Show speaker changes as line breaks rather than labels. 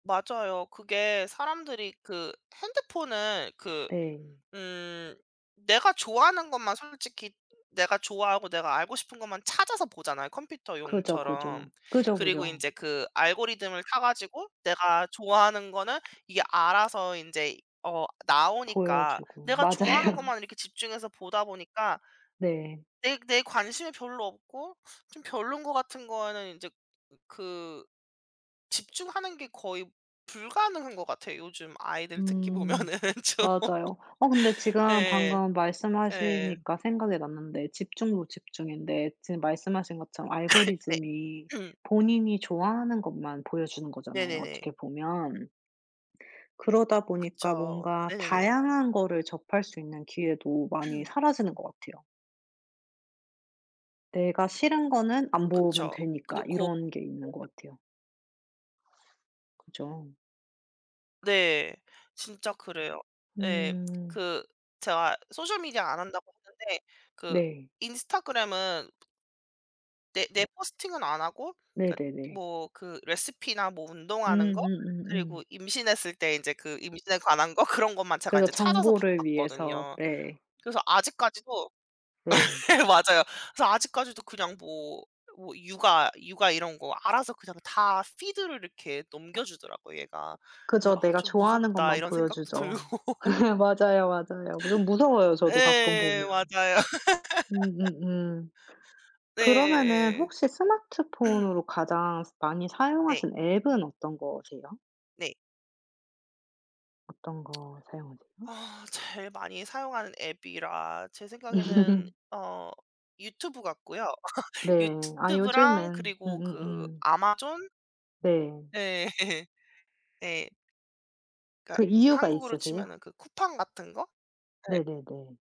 맞아요. 그게 사람들이 그 핸드폰을 그
네.
음 내가 좋아하는 것만 솔직히 내가 좋아하고 내가 알고 싶은 것만 찾아서 보잖아요
그죠,
컴퓨터용처럼.
그죠. 그죠,
그리고
그죠.
이제 그 알고리즘을 타가지고 내가 좋아하는 거는 이게 알아서 인제 어 나오니까
보여주고.
내가 좋아하는
맞아요.
것만 이렇게 집중해서 보다 보니까
네.
내 내 관심이 별로 없고 좀 별론 거 같은 거는 이제 그 집중하는 게 거의 불가능한 것 같아요. 요즘 아이들 특히
음.
보면은 좀.
맞아요. 어 근데 지금
예.
방금
예.
말씀하시니까 생각이 났는데 집중도 집중인데 지금 말씀하신 것처럼
네.
알고리즘이 본인이 좋아하는 것만 보여주는 거잖아요,
네네네.
어떻게 보면. 그러다 보니까
그쵸.
뭔가
네네네.
다양한 거를 접할 수 있는 기회도 많이 사라지는 것 같아요. 내가 싫은 거는 안 보면
그쵸. 근데
되니까
고
이런 게 있는 것 같아요. 그쵸.
네. 진짜 그래요. 네.
음.
그 제가 소셜미디어 안 한다고 했는데 그
네.
인스타그램은 내 내 포스팅은 안 하고 그러니까
네네네.
뭐 그 레시피나 뭐 운동하는
음.
거
음음음.
그리고 임신했을 때 이제 그 임신에 관한 거 그런 것만 제가
그래서
인제 찾아서 봤
정보를 위해서.
봤거든요.
예.
그래서 아직까지도
네.
맞아요. 그래서 아직까지도 그냥 뭐 뭐 육아 육아 이런 거 알아서 그냥 다 피드를 이렇게 넘겨주더라고요 얘가. 그래서
그죠.
'아
내가
좀
좋아하는
무섭다.'
것만
이런 생각도
보여주죠.
들고.
맞아요, 맞아요. 좀 무서워요 저도 가끔
예.
보면.
맞아요.
음음음. 그러면은
네예예.
혹시 스마트폰으로 가장 많이
네.
사용하시는 앱은 어떤 거세요?
네.
어떤 거 사용하세요?
아. 제일 많이 사용하는 앱이라 제 생각에는
음.
어 유튜브 같고요.
네. 아
유튜브랑
요즘엔
그리고 그
음음음.
아마존.
네.
네. 네.
그
그러니까
이유가
한국으로
있으세요?
치면은 그 쿠팡 같은 거? 네.
네네네.